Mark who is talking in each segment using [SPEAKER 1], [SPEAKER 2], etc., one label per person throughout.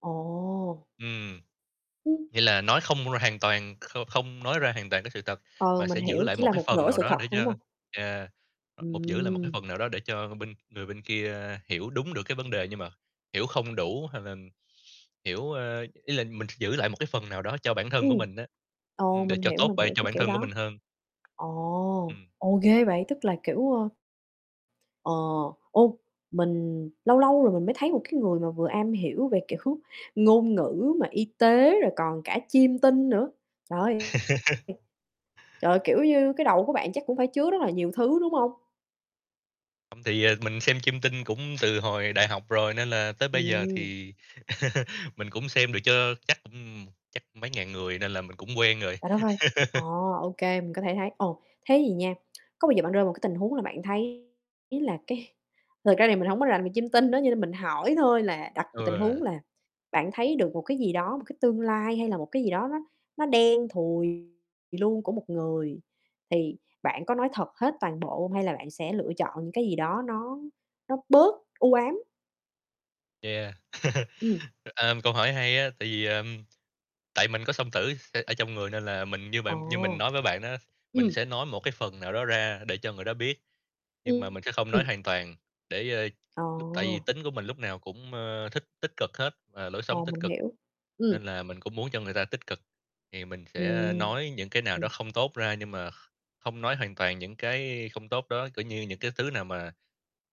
[SPEAKER 1] Ồ!
[SPEAKER 2] Ừm.
[SPEAKER 1] Ừm.
[SPEAKER 2] Nghĩa là nói không r hoàn toàn kh không nói ra hoàn toàn cái sự thật,
[SPEAKER 1] Ừ,
[SPEAKER 2] mà
[SPEAKER 1] mình
[SPEAKER 2] sẽ giữ
[SPEAKER 1] hiểu,
[SPEAKER 2] lại
[SPEAKER 1] chỉ
[SPEAKER 2] một
[SPEAKER 1] là
[SPEAKER 2] cái
[SPEAKER 1] một
[SPEAKER 2] phần
[SPEAKER 1] nửa
[SPEAKER 2] nào
[SPEAKER 1] sự
[SPEAKER 2] đó
[SPEAKER 1] thật,
[SPEAKER 2] để
[SPEAKER 1] đúng
[SPEAKER 2] cho,
[SPEAKER 1] hông?
[SPEAKER 2] à, một giữ lại một cái
[SPEAKER 1] Ừm.
[SPEAKER 2] phần nào đó để cho bên người bên kia hiểu đúng được cái vấn đề, nhưng mà hiểu không đủ hay là hiểu, a ý là mình sẽ giữ lại một cái phần nào đó cho bản thân của
[SPEAKER 1] Ừm.
[SPEAKER 2] mình á,
[SPEAKER 1] Ồ,
[SPEAKER 2] ừm, để
[SPEAKER 1] mình
[SPEAKER 2] cho
[SPEAKER 1] hiểu,
[SPEAKER 2] tốt
[SPEAKER 1] mình
[SPEAKER 2] b
[SPEAKER 1] hiểu
[SPEAKER 2] cho
[SPEAKER 1] cái
[SPEAKER 2] bản
[SPEAKER 1] kiểu
[SPEAKER 2] thân của
[SPEAKER 1] đó.
[SPEAKER 2] mình hơn.
[SPEAKER 1] Ồ,
[SPEAKER 2] Ừm.
[SPEAKER 1] ồ, ghê vậy, tức là, kiểu, ờ Ờ, ô, mình lâu lâu rồi mình mới thấy một cái người mà vừa am hiểu về, kiểu, ngôn ngữ mà y tế, rồi còn cả chiêm tinh nữa, trời ơi. Trời ơi, kiểu như, cái đầu của bạn chắc cũng phải chứa rất là nhiều thứ, đúng hông?
[SPEAKER 2] Không, thì mình xem chiêm tinh cũng từ hồi đại học rồi, nên là tới bây giờ
[SPEAKER 1] Ừm.
[SPEAKER 2] thì mình cũng xem được cho, chắc, ừm, chắc mấy ngàn người, nên là mình cũng quen rồi.
[SPEAKER 1] Trời đất ơi! À, ô kê, mình có thể thấy. Ồ, thế vậy nha, có bao giờ bạn rơi một cái tình huống là bạn thấy là, cái thực ra thì mình hổng có làm về chiêm tinh á, cho nên mình hỏi thôi, là đặt một tình
[SPEAKER 2] Ừ.
[SPEAKER 1] huống là bạn thấy được một cái gì đó, một cái tương lai hay là một cái gì đó nó nó đen thùi luôn của một người, thì bạn có nói thật hết toàn bộ hông? Hay là bạn sẽ lựa chọn những cái gì đó nó nó bớt u ám?
[SPEAKER 2] Yeah.
[SPEAKER 1] Ừm.
[SPEAKER 2] Ơm, câu hỏi hay á, tại vì, ờm tại mình có song tử s ở trong người, nên là mình như bạn như mình
[SPEAKER 1] Ồ.
[SPEAKER 2] nói với bạn á, mình
[SPEAKER 1] Ừm.
[SPEAKER 2] sẽ nói một cái phần nào đó ra để cho người đó biết, nhưng mà
[SPEAKER 1] Ừm,
[SPEAKER 2] mình sẽ không nói
[SPEAKER 1] ừm.
[SPEAKER 2] hoàn toàn, để, ơ
[SPEAKER 1] Ờ.
[SPEAKER 2] lúc tại vì tính của mình lúc nào cũng, a, thích tích cực hết, và lối sống
[SPEAKER 1] Ồ,
[SPEAKER 2] tích
[SPEAKER 1] mình
[SPEAKER 2] cực,
[SPEAKER 1] hiểu. Ừm.
[SPEAKER 2] nên là mình cũng muốn cho người ta tích cực. Thì mình sẽ
[SPEAKER 1] Ừm.
[SPEAKER 2] nói những cái nào đó
[SPEAKER 1] Ừm.
[SPEAKER 2] không tốt ra, nhưng mà kh không nói hoàn toàn những cái không tốt đó, kiểu như, những cái thứ nào mà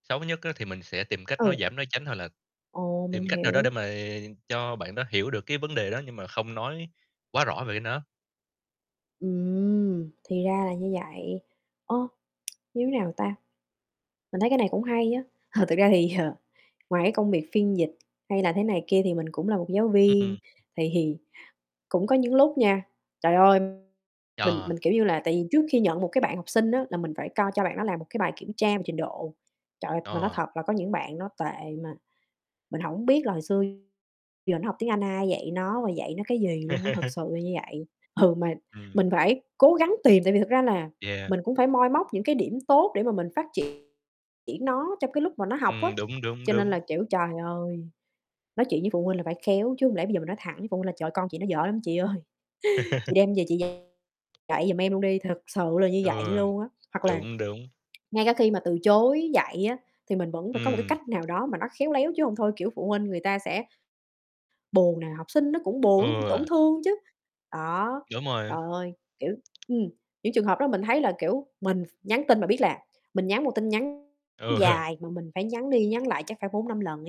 [SPEAKER 2] xấu nhất á thì mình sẽ tìm cách nói
[SPEAKER 1] Ừ.
[SPEAKER 2] giảm nói tránh hoặc là
[SPEAKER 1] Ồ, mình
[SPEAKER 2] tìm cách nào đó để
[SPEAKER 1] hiểu.
[SPEAKER 2] mà cho bạn đó hiểu được cái vấn đề đó, nhưng mà không nói quá rõ về cái nó.
[SPEAKER 1] Ừm, thì ra là như vậy, ơ, như thế nào ta? Mình thấy cái này cũng hay á, thực ra thì, ờ, ngoài cái công việc phiên dịch hay là thế này kia thì mình cũng là một giáo viên,
[SPEAKER 2] Ừm.
[SPEAKER 1] thì thì cũng có những lúc nha, trời ơi! Mình
[SPEAKER 2] Yeah.
[SPEAKER 1] mình, kiểu như là, tại vì trước khi nhận một cái bạn học sinh á là mình phải coi cho bạn đó làm một cái bài kiểm tra về trình độ, trời ơi, mà nói
[SPEAKER 2] À.
[SPEAKER 1] thật là có những bạn nó tệ mà mình hổng biết là hồi xưa giờ nó học tiếng Anh ai dạy nó và dạy nó cái gì luôn á, thật sự là như vậy. Ừ, mà
[SPEAKER 2] Ừm.
[SPEAKER 1] mình phải cố gắng tìm, tại vì thực ra là
[SPEAKER 2] Yeah.
[SPEAKER 1] mình cũng phải moi móc những cái điểm tốt để mà mình phát triển nó trong cái lúc mà nó học á,
[SPEAKER 2] Ừm, đúng, đúng,
[SPEAKER 1] cho nên
[SPEAKER 2] đúng.
[SPEAKER 1] là, kiểu, trời ơi, nói chuyện với phụ huynh là phải khéo, chứ hông lẽ bây giờ mình nói thẳng với phụ huynh là "Trời ơi, con chị nó dở lắm chị ơi, chị đem về chị dạy lại giùm em luôn đi!" Thực sự là như vậy
[SPEAKER 2] Ừ,
[SPEAKER 1] luôn á. Hoặc là
[SPEAKER 2] đúng, đúng.
[SPEAKER 1] ngay cả khi mà từ chối dạy á thì mình vẫn phải có một cái
[SPEAKER 2] Ừm.
[SPEAKER 1] cách nào đó mà nó khéo léo, chứ hông thôi, kiểu, phụ huynh người ta sẽ buồn nè, học sinh nó cũng buồn, nó cũng tổn
[SPEAKER 2] Ừ.
[SPEAKER 1] thương chứ. Đó,
[SPEAKER 2] Đúng rồi.
[SPEAKER 1] trời ơi, kiểu, ừm, những trường hợp đó mình thấy là, kiểu, mình ph nhắn tin mà biết là mình nhắn một tin nhắn
[SPEAKER 2] Ừ.
[SPEAKER 1] dài, mà mình phải nhắn đi nhắn lại chắc phải 4, 5 lần ấy.